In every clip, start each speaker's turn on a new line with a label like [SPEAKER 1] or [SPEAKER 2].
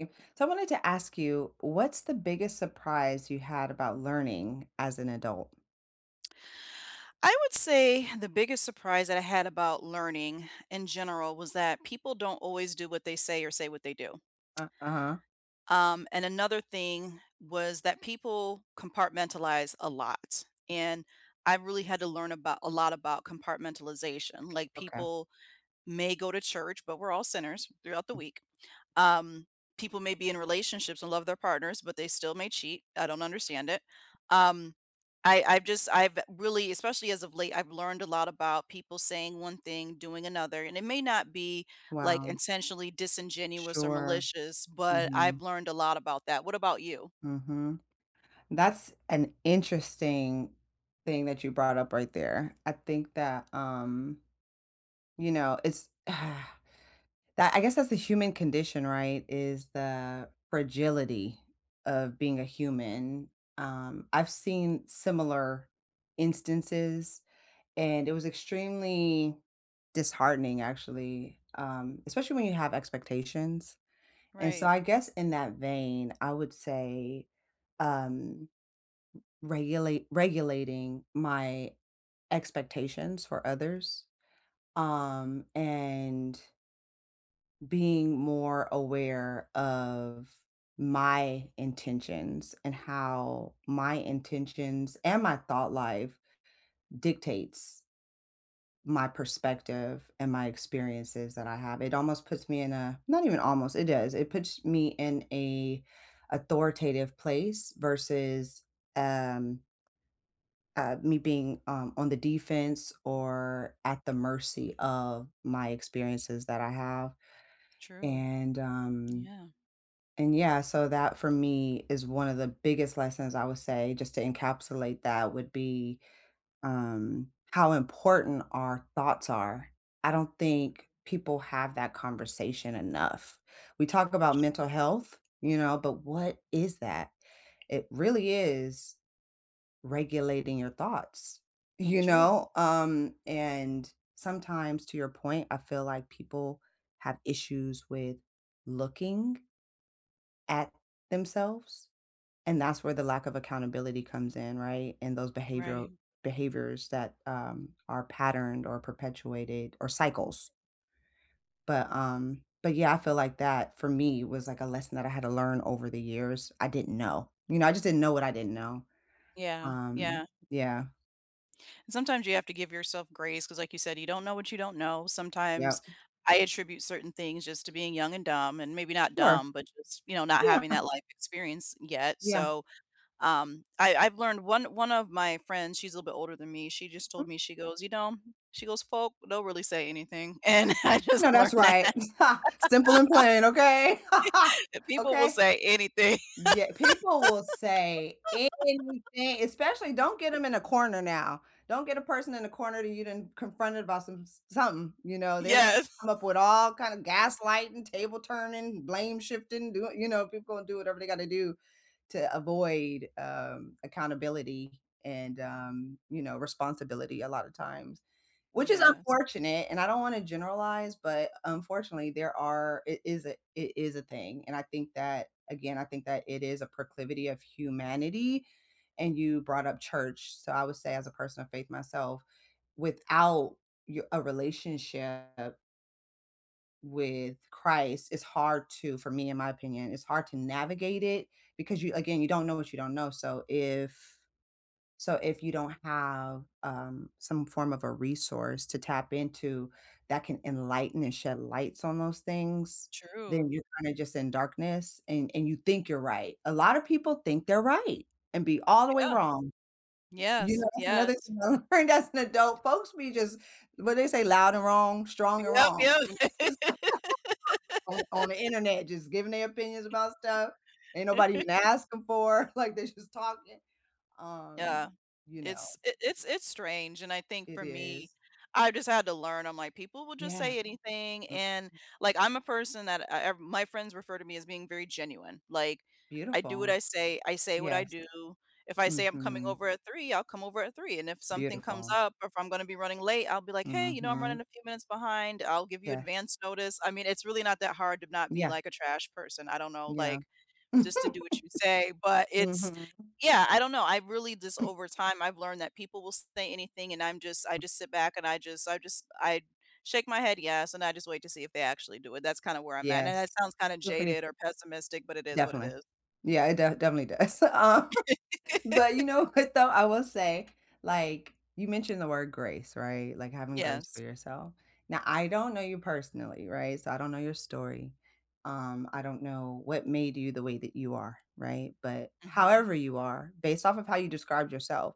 [SPEAKER 1] Mm, so I wanted to ask you, what's the biggest surprise you had about learning as an adult?
[SPEAKER 2] I would say the biggest surprise that I had about learning in general was that people don't always do what they say or say what they do.
[SPEAKER 1] Uh, uh-huh.
[SPEAKER 2] Um, and another thing was that people compartmentalize a lot, and I've really had to learn about a lot about compartmentalization, like,
[SPEAKER 1] Okay.
[SPEAKER 2] people may go to church, but we're all sinners throughout the
[SPEAKER 1] M
[SPEAKER 2] week, um, people may be in relationships and love their partners, but they still may cheat, I don't understand it, um, I I've just, I've really, especially as of late I've learned a lot about people saying one thing, doing another, and it may not be, like,
[SPEAKER 1] Wow.
[SPEAKER 2] intentionally disingenuous or
[SPEAKER 1] Sure.
[SPEAKER 2] malicious, but I've
[SPEAKER 1] Mhm.
[SPEAKER 2] learned a lot about that. What about you?
[SPEAKER 1] Mhm. That's an interesting thing that you brought up right there. I think that, um, you know, it's, that I guess that's a human condition, right, is the fragility of being a human, um, I've seen similar instances, and it was extremely disheartening, actually, um, especially when you have expectations, and so
[SPEAKER 2] Right.
[SPEAKER 1] I guess in that vein, I would say, um, regulate regulating my expectations for others, um, and being more aware of my intentions, and how my intentions and my thought life dictates my perspective, and my experiences that I have. It almost puts me in a not even almost, it does it puts me in a authoritative place versus, um, uh, me being, um, on the defense or at the mercy of my experiences that I have,
[SPEAKER 2] True.
[SPEAKER 1] and, um,
[SPEAKER 2] Yeah.
[SPEAKER 1] and, yeah, so that for me is one of the biggest lessons I would say just to encapsulate that would be, um, how important our thoughts are. I don't think people have that conversation enough. We talk about
[SPEAKER 2] Sh
[SPEAKER 1] mental health You know? But what is that? It really is regulating your thoughts. You
[SPEAKER 2] True.
[SPEAKER 1] know? Um, and sometimes, to your point, I feel like people have issues with looking at themselves, and that's where the lack of accountability comes in, right, and those
[SPEAKER 2] Right.
[SPEAKER 1] behavioral Behaviors that, um, are patterned or perpetuated or cycles. But, um, but, yeah, I feel like that for me was, like, a lesson that I had to learn over the years I didn't know. You know, I just didn't know what I didn't know,
[SPEAKER 2] Yeah.
[SPEAKER 1] um,
[SPEAKER 2] Yeah.
[SPEAKER 1] yeah.
[SPEAKER 2] Sometimes you have to give yourself grace, 'cause like you said, you don't know what you don't know, sometimes
[SPEAKER 1] Yep.
[SPEAKER 2] I attribute certain things just to being young and dumb, and maybe not
[SPEAKER 1] Sure.
[SPEAKER 2] dumb, but just, you know, not
[SPEAKER 1] Yeah.
[SPEAKER 2] having that life experience yet,
[SPEAKER 1] Yeah.
[SPEAKER 2] so, um, I I've learned one one of my friends she's a little bit older than me, she just told me, she goes, "You know" she goes, "folk, don't really say anything," and I just
[SPEAKER 1] Know,
[SPEAKER 2] learned
[SPEAKER 1] that's
[SPEAKER 2] that.
[SPEAKER 1] right. Ha! Simple and plain, okay?
[SPEAKER 2] People will
[SPEAKER 1] Okay?
[SPEAKER 2] say anything.
[SPEAKER 1] Ye people will say anything, especially don't get 'em in a corner now. Don't get a person in a corner that you didn't confronted about some s something, you know? They're gonna
[SPEAKER 2] Yes.
[SPEAKER 1] come up with all kinda gaslighting, table turning, blame-shifting, do what you know? People will do whatever they gotta do, to avoid, um, accountability and, um, you know, responsibility a lotta times. Which, is
[SPEAKER 2] Yes.
[SPEAKER 1] unfortunate, and I don't wanna generalize, but, unfortunately, there are it is a it is a thing, and I think that again, I think that it is a proclivity of humanity, and you brought up church, so I would say as a person of faith myself, without y a relationship with Christ, it's hard to for me, in my opinion, it's hard to navigate it, because you again, you don't know what you don't know, so if so, if you don't have, um, some form of a resource to tap into, that can enlighten and shed lights on those things,
[SPEAKER 2] True.
[SPEAKER 1] then you're kinda just in darkness, and and you think you're right a lotta people think they're right, and be all the way
[SPEAKER 2] Yeah!
[SPEAKER 1] wrong. You
[SPEAKER 2] Yes,
[SPEAKER 1] know, that's another
[SPEAKER 2] yes.
[SPEAKER 1] thing I learned as an adult, folks be just what do they say, "Loud and wrong? Strong and
[SPEAKER 2] Yep,
[SPEAKER 1] wrong?"
[SPEAKER 2] yep!
[SPEAKER 1] You know? On on the internet just giving their opinions about stuff, ain't nobody even asking for, like, they just talking. Um,
[SPEAKER 2] Yeah.
[SPEAKER 1] you know
[SPEAKER 2] It's it it's it's strange, and I think,
[SPEAKER 1] It
[SPEAKER 2] for me,
[SPEAKER 1] is.
[SPEAKER 2] I just had to learn, I'm like, "People will just
[SPEAKER 1] Yeah.
[SPEAKER 2] say anything,"
[SPEAKER 1] Mhm.
[SPEAKER 2] and, like, I'm a person that, uh uh my friends refer to me as being very genuine, like, I do what
[SPEAKER 1] Beautiful.
[SPEAKER 2] I say, I say what I
[SPEAKER 1] Yes.
[SPEAKER 2] do. If I say I'm coming
[SPEAKER 1] Mhm.
[SPEAKER 2] over at 3, I'll come over at 3, and if something comes
[SPEAKER 1] Beautiful.
[SPEAKER 2] up or if I'm gonna be running late, I'll be like, "Hey, you know, I'm
[SPEAKER 1] Mhm.
[SPEAKER 2] running a few minutes behind," I'll give you
[SPEAKER 1] Yes.
[SPEAKER 2] advanced notice, I mean, it's really not that hard to not be
[SPEAKER 1] Yeah.
[SPEAKER 2] like a trash person, I don't know,
[SPEAKER 1] Yeah.
[SPEAKER 2] like, just to do what you say, but, it's
[SPEAKER 1] Mhm.
[SPEAKER 2] yeah, I don't know, I really just over time, I've learned that people will say anything, and I'm just I just sit back, and I just I just I shake my head "Yes," and I just wait to see if they actually do it, that's kinda where I'm at, and
[SPEAKER 1] Yes.
[SPEAKER 2] that sounds kinda
[SPEAKER 1] Good for you.
[SPEAKER 2] jaded or pessimistic, but it is what it
[SPEAKER 1] Definitely.
[SPEAKER 2] is.
[SPEAKER 1] Yeah, it def definitely does, um, but, you know what, though? I will say, like, you mentioned the word "grace," right? Like, having grace for
[SPEAKER 2] Yes.
[SPEAKER 1] yourself. Now, I don't know you personally, right? So, I don't know your story. Um, I don't know what made you the way that you are, right? But,
[SPEAKER 2] Mhm.
[SPEAKER 1] however you are, based off of how you described yourself,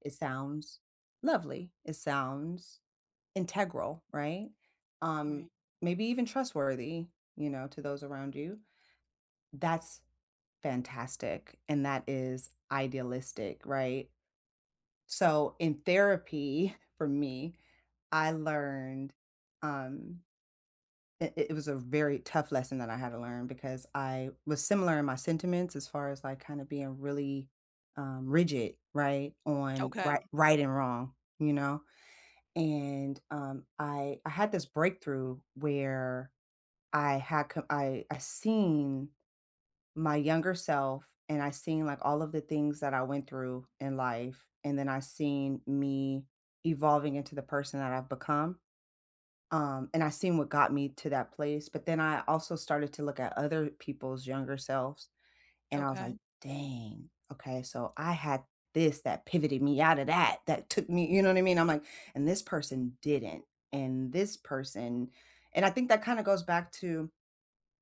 [SPEAKER 1] it sounds lovely, it sounds integral, right? Um,
[SPEAKER 2] Right.
[SPEAKER 1] maybe even trustworthy, you know, to those around you. That's fantastic, and that is idealistic, right? So, in therapy- for me- I learned, um i it was a very tough lesson that I had to learn because I was similar in my sentiments as far as, like, kinda being really, um, rigid, right? On, rig
[SPEAKER 2] Okay.
[SPEAKER 1] right and wrong, you know? And, um, I I had this breakthrough where I had co I I seen my younger self, and I seen, like, all of the things that I went through in life, and then I seen me evolving into the person that I've become. Um, and I seen what got me to that place, but then I also started to look at other people's younger selves, and I was like,
[SPEAKER 2] Okay.
[SPEAKER 1] "Dang. Okay, so I had this that pivoted me out of that, that took me" you know what I mean? I'm like, "And this person didn't, and this person" and, I think that, kinda goes back to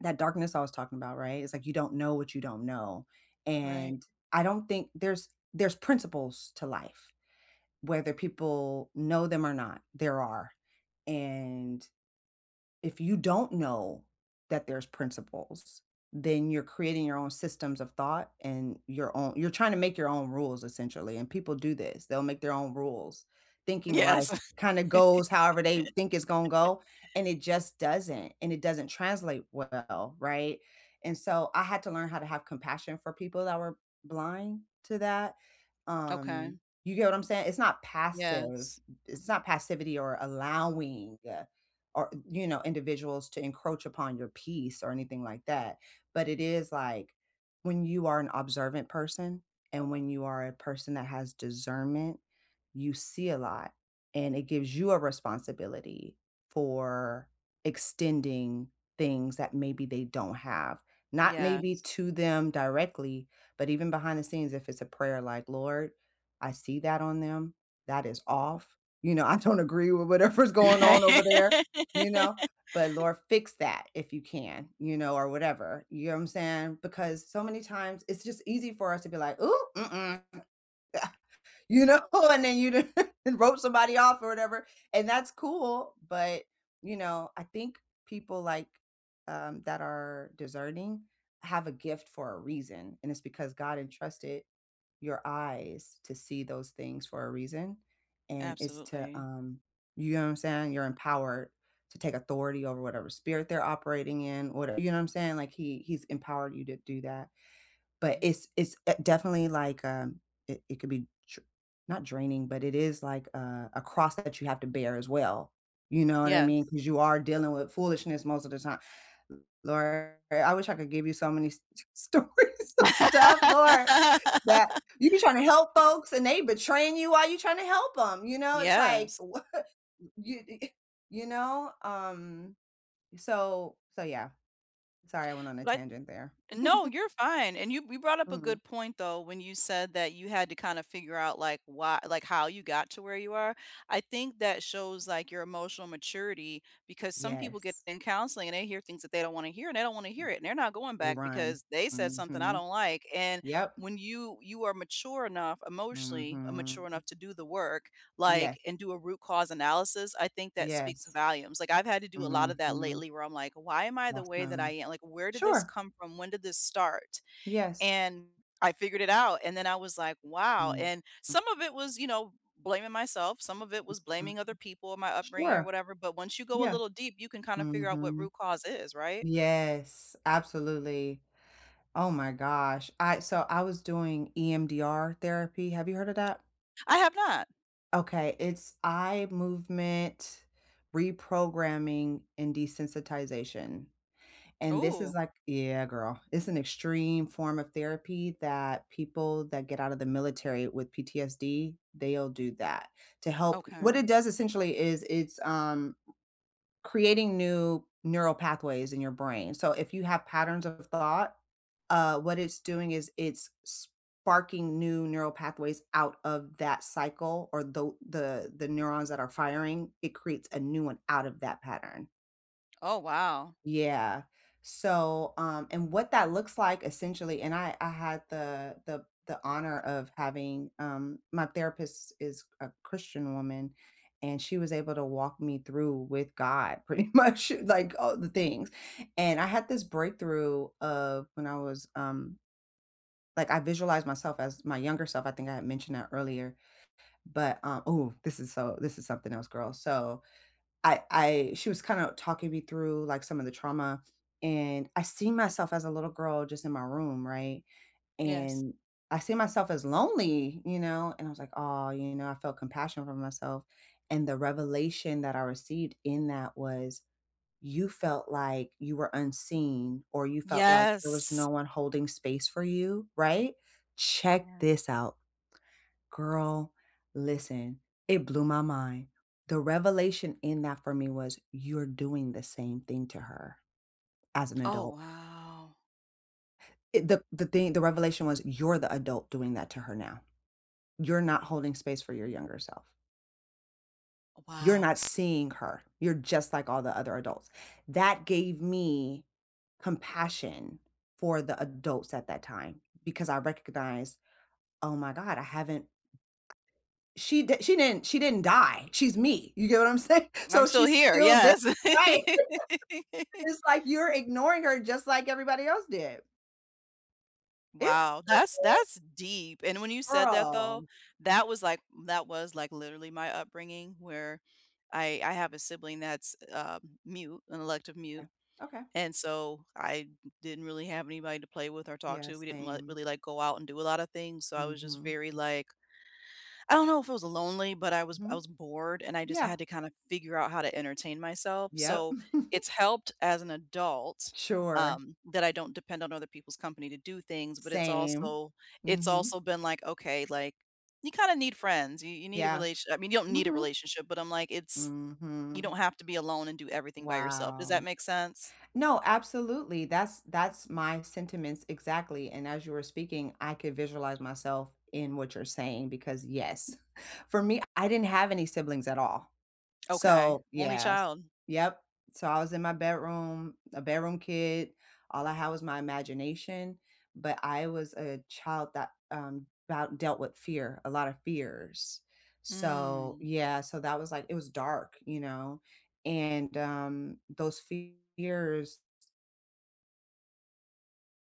[SPEAKER 1] that darkness I was talking about, right? It's like you don't know what you don't know,
[SPEAKER 2] Right.
[SPEAKER 1] and I don't think there's there's principles to life, whether people know them or not, there are, and if you don't know that there's principles, then you're creating your own systems of thought, and your own you're trying to make your own rules, essentially, and people do this, they'll make their own rules, thinking life
[SPEAKER 2] Yes.
[SPEAKER 1] kinda goes however they f think it's gonna go, and it just doesn't, and it doesn't translate well, right? And so, I had to learn how to have compassion for people that were blind to that,
[SPEAKER 2] Okay.
[SPEAKER 1] um, you get what I'm saying? It's not passive
[SPEAKER 2] Yes.
[SPEAKER 1] it's not passivity or allowing, or you know, individuals to encroach upon your peace, or anything like that, but it is, like, when you are an observant person, and when you are a person that has discernment, you see a lot, and it gives you a responsibility, for extending things that maybe they don't have not, maybe
[SPEAKER 2] Yes.
[SPEAKER 1] to them directly, but even behind the scenes, if it's a prayer like, "Lord, I see that on them, that is off," you know? "I don't agree with whatever's going on over there," you know? "But, Lord, fix that, if you can," you know? Or whatever, you know what I'm saying? Because so many times, it's just easy for us to be like, "Ooh, mm-mm," you know? And then you d you rope somebody off or whatever, and that's cool, but, you know, I think people, like, um, that are discerning, have a gift for a reason, and it's because God entrusted your eyes to see those things for a reason, and it's to,
[SPEAKER 2] Absolutely.
[SPEAKER 1] um you know what I'm saying? You're empowered to take authority over whatever spirit they're operating in whatever you know what I'm saying? Like, He He's empowered you to do that, but
[SPEAKER 2] Yeah.
[SPEAKER 1] it's it's, eh, definitely like, um it it could be dr not draining, but it is like, uh, a cross that you have to bear as well, you know what I mean?
[SPEAKER 2] Yes.
[SPEAKER 1] 'Cause you are dealing with foolishness most of the time "Lord I I wish I could give you so many s s stories of stuff, Lord, that you be tryna help folks, and they betraying you while you're trying to help 'em," you know? It's like,
[SPEAKER 2] Yes.
[SPEAKER 1] wha you i eh, you know? Um, so so, yeah. Sorry, I went on a
[SPEAKER 2] But
[SPEAKER 1] tangent there.
[SPEAKER 2] no, you're fine, and you you brought up a
[SPEAKER 1] Mhm.
[SPEAKER 2] good point, though, when you said that you had to kinda figure out, like, why like, how you got to where you are, I think that shows, like, your emotional maturity, because some people get
[SPEAKER 1] Yes.
[SPEAKER 2] in counseling, and they hear things that they don't wanna hear, and they don't wanna
[SPEAKER 1] Mm.
[SPEAKER 2] hear it, and they're not going
[SPEAKER 1] They
[SPEAKER 2] back
[SPEAKER 1] run.
[SPEAKER 2] because, "They said something I
[SPEAKER 1] Mhm.
[SPEAKER 2] don't like," and
[SPEAKER 1] Yep.
[SPEAKER 2] when you you are mature enough emotionally mature
[SPEAKER 1] Mhm.
[SPEAKER 2] enough to do the work,
[SPEAKER 1] Yes.
[SPEAKER 2] like, and do a root cause analysis, I think that speaks
[SPEAKER 1] Yes.
[SPEAKER 2] volumes, like, I've had to do a lot of that
[SPEAKER 1] Mhm.
[SPEAKER 2] lately where I'm like, "Why am I the way that I
[SPEAKER 1] Awesome.
[SPEAKER 2] am?" Like, "Where did this
[SPEAKER 1] Sure!
[SPEAKER 2] come from? When did this start?"
[SPEAKER 1] Yes.
[SPEAKER 2] And, I figured it out, and then I was like, "Wow."
[SPEAKER 1] Mhm.
[SPEAKER 2] And, some of it was, you know, blaming myself, some of it was
[SPEAKER 1] Mhm.
[SPEAKER 2] blaming other people and my upbringing or
[SPEAKER 1] Sure.
[SPEAKER 2] whatever, but once you go a
[SPEAKER 1] Yeah.
[SPEAKER 2] little deep, you can kinda figure out what
[SPEAKER 1] Mhm.
[SPEAKER 2] root cause is, right?
[SPEAKER 1] Yes, absolutely. Oh my gosh, I so, I was doing EMDR therapy, have you heard of that?
[SPEAKER 2] I have not.
[SPEAKER 1] Okay, it's eye movement reprogramming and desensitization. And this is,
[SPEAKER 2] Ooh.
[SPEAKER 1] like yeah, girl, it's an extreme form of therapy that people that get out of the military with PTSD, they'll do that, to help what
[SPEAKER 2] Okay.
[SPEAKER 1] it does, essentially is it's, um, creating new neural pathways in your brain, so if you have patterns of thought, uh, what it's doing is, it's sparking new neural pathways out of that cycle or tho the the the neurons that are firing it creates a new one out of that pattern.
[SPEAKER 2] Oh, wow.
[SPEAKER 1] Yeah. So, um, and what that looks like essentially and I I had the the the honor of having, um my therapist is a Christian woman, and she was able to walk me through with God pretty much, like, all the things. And I had this breakthrough of when I was, um like, I visualize myself as my younger self. I think I had mentioned that earlier. But, uh ooh, this is so this is something else, girl. So, I I she was kinda talking me through, like, some of the trauma, and I see myself as a little girl just in my room, right?
[SPEAKER 2] Yes.
[SPEAKER 1] And I see myself as lonely, you know? And I was like, "Aw," you know, I felt compassion for myself. And the revelation that I received in that was, "You felt like you were unseen or you felt like there was no
[SPEAKER 2] Yes.
[SPEAKER 1] one holding space for you, right?" Check
[SPEAKER 2] Yeah.
[SPEAKER 1] this out. Girl, listen. It blew my mind. The revelation in that for me was, "You're doing the same thing to her as an
[SPEAKER 2] Oh,
[SPEAKER 1] adult."
[SPEAKER 2] wow.
[SPEAKER 1] Eh, the the thing the revelation was, "You're the adult doing that to her now. You're not holding space for your younger self."
[SPEAKER 2] A
[SPEAKER 1] "You're not
[SPEAKER 2] wow.
[SPEAKER 1] seeing her. You're just like all the other adults." That gave me compassion for the adults at that time because I recognized, "Oh my god. I haven't" She d she didn't she didn't die. She's me. You get what I'm saying?
[SPEAKER 2] I'm
[SPEAKER 1] So
[SPEAKER 2] still
[SPEAKER 1] she's
[SPEAKER 2] here.
[SPEAKER 1] still there
[SPEAKER 2] Yes.
[SPEAKER 1] Right. And it's like you're ignoring her just like everybody else did. Isn't it
[SPEAKER 2] Wow. That's
[SPEAKER 1] something?
[SPEAKER 2] that's deep, and when you said that, though,
[SPEAKER 1] Girl.
[SPEAKER 2] that was, like that was, like, literally my upbringing where I I have a sibling that's, um, mute, an elective
[SPEAKER 1] Yeah.
[SPEAKER 2] mute.
[SPEAKER 1] Okay.
[SPEAKER 2] And so I didn't really have anybody to play with or talk
[SPEAKER 1] Yeah,
[SPEAKER 2] to. We didn't let
[SPEAKER 1] same.
[SPEAKER 2] really, like, go out and do a lotta things. So I was just
[SPEAKER 1] Mhm.
[SPEAKER 2] very like I don't know if it was lonely, but I was I
[SPEAKER 1] Mhm.
[SPEAKER 2] was bored, and I just had
[SPEAKER 1] Yeah.
[SPEAKER 2] to kinda figure out how to entertain myself,
[SPEAKER 1] Yep.
[SPEAKER 2] so, it's helped as an adult,
[SPEAKER 1] Sure.
[SPEAKER 2] um, that I don't depend on other people's company to do things, but it's
[SPEAKER 1] Same.
[SPEAKER 2] also it's
[SPEAKER 1] Mhm.
[SPEAKER 2] also been like, "Okay." Like, "You kinda need friends. You you need a
[SPEAKER 1] Yeah.
[SPEAKER 2] relatio" I mean, you don't need a
[SPEAKER 1] Mhm.
[SPEAKER 2] relationship, but I'm like, "It's you
[SPEAKER 1] Mhm.
[SPEAKER 2] don't have to be alone and do everything by yourself." Does that
[SPEAKER 1] Wow.
[SPEAKER 2] make sense?
[SPEAKER 1] No, absolutely. That's that's my sentiments exactly. And as you were speaking, I could visualize myself in what you're saying because, yes, for me, I didn't have any siblings at all.
[SPEAKER 2] Okay.
[SPEAKER 1] So,
[SPEAKER 2] Only
[SPEAKER 1] yes.
[SPEAKER 2] child.
[SPEAKER 1] Yep. So I was in my bedroom, a bedroom kid. All I had was my imagination, but I was a child that, um, 'bout dealt with fear, a lot of fears. So,
[SPEAKER 2] Mm.
[SPEAKER 1] yeah, so that was like it was dark, you know? And, um, those fears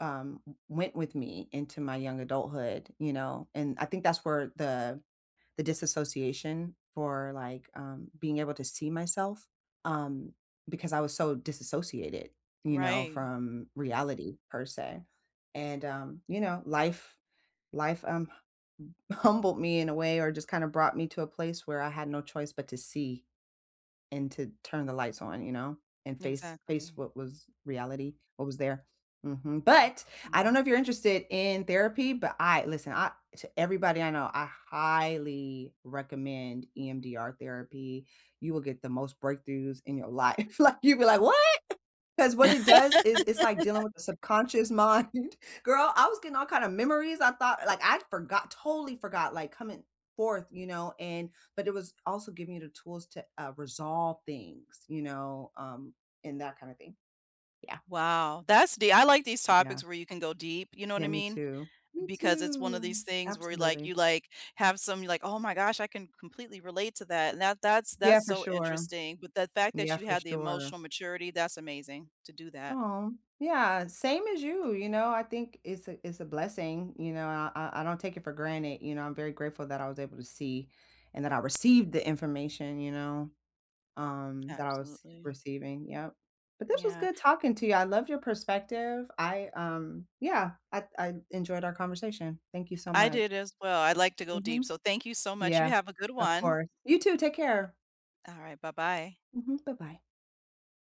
[SPEAKER 1] um, went with me into my young adulthood, you know? And I think that's where the the disassociation for, like, um, being able to see myself, um, because I was so disassociated, you know,
[SPEAKER 2] Right.
[SPEAKER 1] from reality per se. And, um, you know, life life, um, m humbled me in a way or just kinda brought me to a place where I had no choice but to see and to turn the lights on, you know, and face face
[SPEAKER 2] Exactly.
[SPEAKER 1] what was reality, what was there. Mhm.
[SPEAKER 2] Wow.
[SPEAKER 1] But, I don't
[SPEAKER 2] Mm.
[SPEAKER 1] know if you're interested in therapy, but I listen, I to everybody I know, I highly recommend EMDR therapy. You will get the most breakthroughs in your life. Like, you'll be like, "What?" 'Cause what it does is is like dealing with the subconscious mind. Girl, I was getting all kind of memories. I thought like, I'd forgot totally forgot, like, coming forth, you know? And but it was also giving you the tools to, uh, resolve things, you know, um, and that kind of thing. Yeah.
[SPEAKER 2] Wow. That's dee I like these
[SPEAKER 1] Yeah.
[SPEAKER 2] topics where you can go deep, you know what
[SPEAKER 1] Yeah,
[SPEAKER 2] I
[SPEAKER 1] me
[SPEAKER 2] mean?
[SPEAKER 1] too. Me
[SPEAKER 2] Because it's one of
[SPEAKER 1] too.
[SPEAKER 2] these things where, like,
[SPEAKER 1] Absolutely.
[SPEAKER 2] you, like, have some, you're like, "Oh my gosh. I can completely relate to that." And that that's
[SPEAKER 1] Yeah,
[SPEAKER 2] that's
[SPEAKER 1] for
[SPEAKER 2] so
[SPEAKER 1] sure.
[SPEAKER 2] interesting. But the fact that
[SPEAKER 1] Yeah,
[SPEAKER 2] you
[SPEAKER 1] for
[SPEAKER 2] had the
[SPEAKER 1] sure.
[SPEAKER 2] emotional maturity, that's amazing to do that.
[SPEAKER 1] Aw, yeah. Same as you, you know? I think it's a it's a blessing, you know, I I I don't take it for granted, you know, I'm very grateful that I was able to see and that I received the information, you know, um, that I was
[SPEAKER 2] Absolutely.
[SPEAKER 1] receiving. Yep. But this was
[SPEAKER 2] Yeah.
[SPEAKER 1] good talking to you. I love your perspective. I, um, yeah, I I enjoyed our conversation. Thank you so
[SPEAKER 2] I
[SPEAKER 1] much.
[SPEAKER 2] did as well. I'd like to go deep.
[SPEAKER 1] Mhm.
[SPEAKER 2] So thank you so much. You
[SPEAKER 1] Yeah.
[SPEAKER 2] have a good
[SPEAKER 1] Of
[SPEAKER 2] one.
[SPEAKER 1] course. You too. Take care.
[SPEAKER 2] Alright. Bye-bye.
[SPEAKER 1] Mhm. Bye-bye.